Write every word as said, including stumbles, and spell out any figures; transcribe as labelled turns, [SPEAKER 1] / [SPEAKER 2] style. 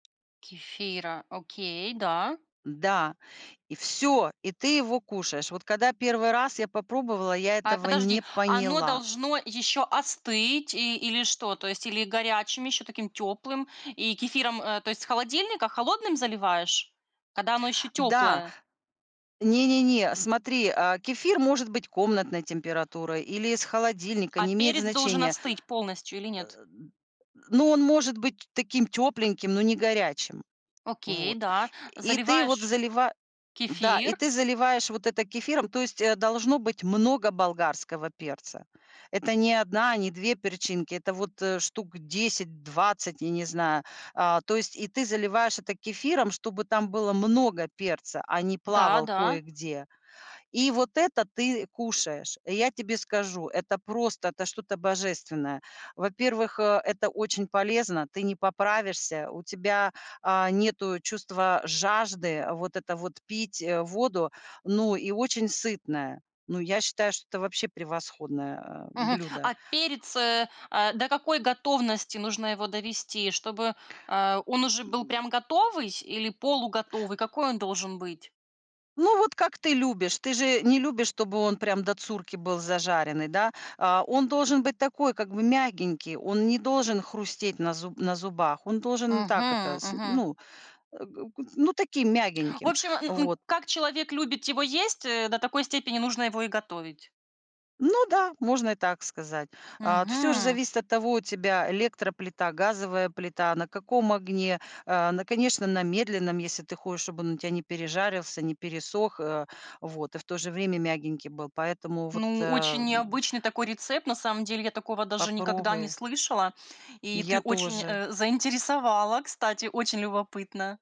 [SPEAKER 1] Кефира. Окей, да.
[SPEAKER 2] М-да! И всё. И ты его кушаешь. Вот когда первый раз я попробовала, я
[SPEAKER 1] А
[SPEAKER 2] этого не
[SPEAKER 1] подожди, оно
[SPEAKER 2] поняла.
[SPEAKER 1] должно еще остыть и, или что? То есть или горячим, еще таким теплым, и кефиром, э, то есть с холодильника холодным заливаешь, когда оно еще
[SPEAKER 2] Да!
[SPEAKER 1] теплое?
[SPEAKER 2] Не-не-не. Смотри, э, кефир может быть комнатной температуры или из холодильника,
[SPEAKER 1] А
[SPEAKER 2] не имеет
[SPEAKER 1] перец должен
[SPEAKER 2] значения.
[SPEAKER 1] остыть полностью или
[SPEAKER 2] Э,
[SPEAKER 1] нет?
[SPEAKER 2] д Ну он может быть таким тепленьким, но не горячим.
[SPEAKER 1] Окей,
[SPEAKER 2] Вот.
[SPEAKER 1] да.
[SPEAKER 2] И ты вот
[SPEAKER 1] Заливаешь
[SPEAKER 2] залива да, и
[SPEAKER 1] кефир
[SPEAKER 2] ты заливаешь вот это кефиром. То есть, э, должно быть много болгарского перца. Это не одна, не две перчинки, это вот, э, штук десять, двадцать, я не знаю. Э, то есть и ты заливаешь это кефиром, чтобы там было много перца, а не
[SPEAKER 1] Да,
[SPEAKER 2] плавал
[SPEAKER 1] да.
[SPEAKER 2] кое-где. И вот это ты кушаешь. Э, я тебе скажу, это просто, это что-то божественное. Во-первых, э, это очень полезно. Ты не поправишься, у тебя, а, нету чувства жажды. Вот это вот, пить, э, воду. Ну и очень сытное. Ну, я считаю, что это вообще превосходное, э,
[SPEAKER 1] Мгм.
[SPEAKER 2] блюдо.
[SPEAKER 1] А перец, э, э, до какой готовности нужно его довести, чтобы, э, он уже был
[SPEAKER 2] М.
[SPEAKER 1] прям готовый сь или полуготовый? Какой он должен быть?
[SPEAKER 2] Ну, вот как ты любишь. Ты же не любишь, чтобы он прям до цурки был зажаренный, да? Э, он должен быть такой, как бы мягенький, он не должен хрустеть на зуб на зубах, он должен так это,
[SPEAKER 1] Мгм,
[SPEAKER 2] с
[SPEAKER 1] мгм.
[SPEAKER 2] ну, э, г г ну таким
[SPEAKER 1] В
[SPEAKER 2] мягеньким.
[SPEAKER 1] общем, н н
[SPEAKER 2] Вот.
[SPEAKER 1] как человек любит его есть, э, до такой степени нужно его и готовить.
[SPEAKER 2] Ну да, можно и так сказать. А, т всё же
[SPEAKER 1] Мгм.
[SPEAKER 2] зависит от того, у тебя электроплита, газовая плита, на каком огне. Э, на, конечно, на медленном, если ты хочешь, чтобы он у тебя не пережарился, не пересох, э, вот, и в то же время мягенький был. Поэтому вот,
[SPEAKER 1] Ну, очень
[SPEAKER 2] эм.
[SPEAKER 1] необычный такой рецепт, на самом деле. Я такого даже никогда не
[SPEAKER 2] Попробуй.
[SPEAKER 1] слышала.
[SPEAKER 2] И
[SPEAKER 1] И ты
[SPEAKER 2] я
[SPEAKER 1] очень,
[SPEAKER 2] тоже.
[SPEAKER 1] э, заинтересовала, кстати, очень любопытно.